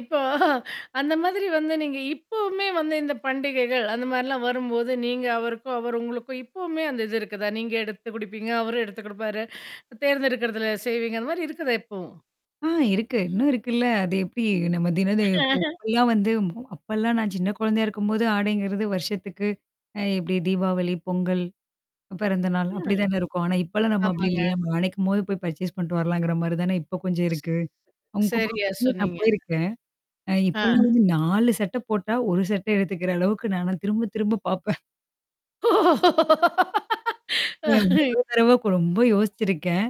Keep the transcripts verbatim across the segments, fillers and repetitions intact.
இப்போ அந்த மாதிரி வந்து நீங்க இப்பவுமே வந்து இந்த பண்டிகைகள் அந்த மாரிலாம் வரும்போது, நீங்க அவருக்கும், அவர் உங்களுக்கும், இப்பவுமே அந்த இது இருக்குதா? நீங்க எடுத்து குடுப்பீங்க, அவரும் எடுத்து குடுப்பாரு. தேர்ந்தெடுக்கர்தல செய்வீங்க அந்த மாரி இருக்குதா இப்பவும்? ஆ இருக்கு. இன்னும் இருக்குல்ல. அது எப்டி நம்ம தினது இப்பல்லாம் வந்து அப்பல்லாம் நான் சின்ன குழந்தையா இருக்கும்போது ஆடைங்கிறது வருஷத்துக்கு. அ எப்டி தீபாவளி, பொங்கல், பிறந்த நாள் அப்டி ம். தான இருக்கும். ஆனா இப்பலாம் நம்ம அப்டி ஆமாங்க. இல்லையே. நம்ம நனைக்கும்போது போய் பர்சேஸ் பண்ட்டு வரலாங்கிற மாரி தானே இப்ப கொஞ்சம் இருக்கு. உங்க சரியா [unintelligible] நான் சொன்னீங்க. போயிருக்கேன். அ ஆ. இப்பலாம் வந்து நாலு சட்ட போட்டா, ஒரு சட்ட எடுத்துக்கிற அளவுக்கு நான திரும்ப, திரும்ப பார்ப்பன். ஏன் மொத தரவா ரொம்ப யோசிச்சிருக்கன்.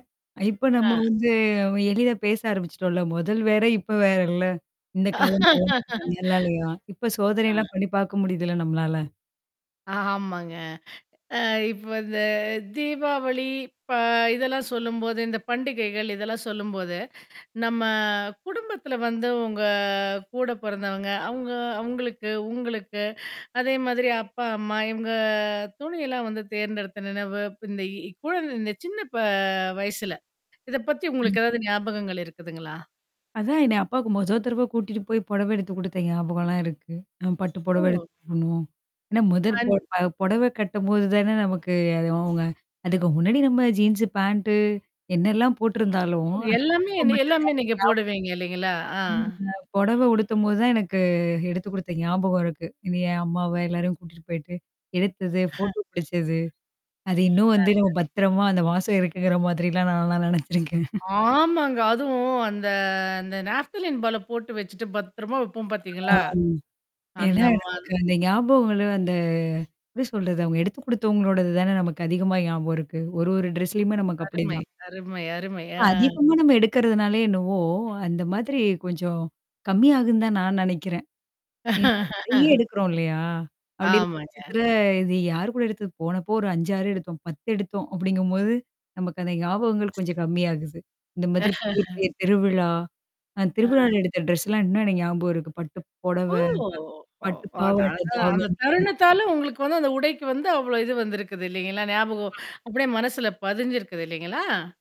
இப்ப நம்ம ஆ. வந்து அவன் எடைல பேச ஆரம்பிச்சுட்டோம்ல. மொதல் வேற, இப்ப வேறல்ல? இந்த காலம் [unintelligible] நல்ல நல்லாலயா. இப்ப ஆ. சோதனைெல்லாம் பண்ணி பாக்க முடியுதுல்ல நம்மளால? ஆமாங்க. அ இப்ப இந்த தீபாவளி, ப இதெல்லாம் சொல்லும்போது, இந்த பண்டிகைகள் இதெல்லாம் சொல்லும்போது, நம்ம குடும்பத்துல வந்து உங்க கூட பொறந்தவங்க, அவங்க அவங்களுக்கு, உங்களுக்கு, அதே மாதிரி அப்பா, அம்மா, இவங்க துணியெல்லாம் வந்து தேர்ந்தெடுத்த நினைவு. இப்ப இந்த இ குழந்த இந்த சின்ன ப வயசுல. இத பத்தி ம். உங்களுக்கு ஏதாவது ஞாபகங்கள் இருக்குதுங்களா? அதான் என்ன அப்பாவுக்கு மொத தடவ கூட்டிட்டு போய் புடவ எடுத்து கொடுத்த ஞாபகம்லாம் இருக்கு. அ பட்டு புடவ எடுத்து ஓ. போடணும். ஆனா மொதற் அந் பொ புடவ கட்டும்போது தான நமக்கு அது அவங்க அதுக்கு முன்னாடி நம்ம ஜீன்ஸ் பாண்ட், என்னல்லாம் போட்டிருந்தாலும் ஓ அந்த எல்லாமே போடவ என்ன மட்டும் எல்லாமே தானே நீங்க போடுவீங்க இல்லைங்களா? ஆ. எனக்கு ஞாபகம் இருக்கு. [unintelligible] ம் பொடவ உடுத்தும்போது தான் எனக்கு எடுத்து குடுத்த ஞாபகம் இருக்கு. இது ஏன் அம்மாவ எல்லாரையும் கூட்டிட்டு போயிட்டு, எடுத்தது, ஃபோட்டோ புடிச்சது. அது இன்னும் வந்து நம்ம நல்லது. பத்திரமா அந்த மாசம் இருக்குங்கிற மாதிரிலாம் நான்ல்லாம் நினச்சிருக்கேன். ஆமாங்க. அதுவும் அந்த அந்த நாஃப்த்தலின் பால போட்டு வச்சுட்டு பத்திரமா வைப்போம் ஆ பாத்தீங்களா? அந்த ஏன்னா மா நமக்கு அந்த ஞாபகங்கள் அந்த எப்படி சொல்றது அவுங்க எடுத்து குடுத்தவங்களோடது தான நமக்கு அதிகமா ஞாபகம் இருக்கு. ஒரு ஒரு ட்ரெஸ்லயுமே நமக்கு அருமை, அப்படிதான். அருமை, அருமை இப்ப ஆ. அதிகமா நம்ம எடுக்கறதுனாலே என்னவோ! அந்த மாதிரி கொஞ்சம் கம்மியாகும் தான் நான் நெனைக்கிறேன். ஏன்னா நெறைய எடுக்குறோம் இல்லையா? அப்டி இருக்கும் ஆமாங்க. பட்சத்துல, இது யார் கூட எடுத்தது போனப்போ ஒரு அஞ்சு, ஆறு எடுத்தோம். பத்து எடுத்தோம் அப்படிங்கும்போது. நமக்கு அந்த ஞாபகங்கள் கொஞ்சம் கம்மியாகுது. இந்த மாதிரி பெரிய, பெரிய திருவிழா அ ஆ. திருவிழாவல எடுத்த ட்ரெஸ்லாம் இன்னும் எனக்கு ஞாபகம் இருக்கு. பட்டு பொடவ, ஓ! ஒ பட்டு அத பாவட, அதான் அந்த தாவணி தருணத்தாலும் உங்களுக்கு வந்து அந்த உடைக்கு வந்து அவ்ளோ இது வந்திருக்குது இல்லலைங்களா? ஞாபகம் ஆ. அப்படியே மனசுல பதிஞ்சிருக்குது இல்லைங்களா?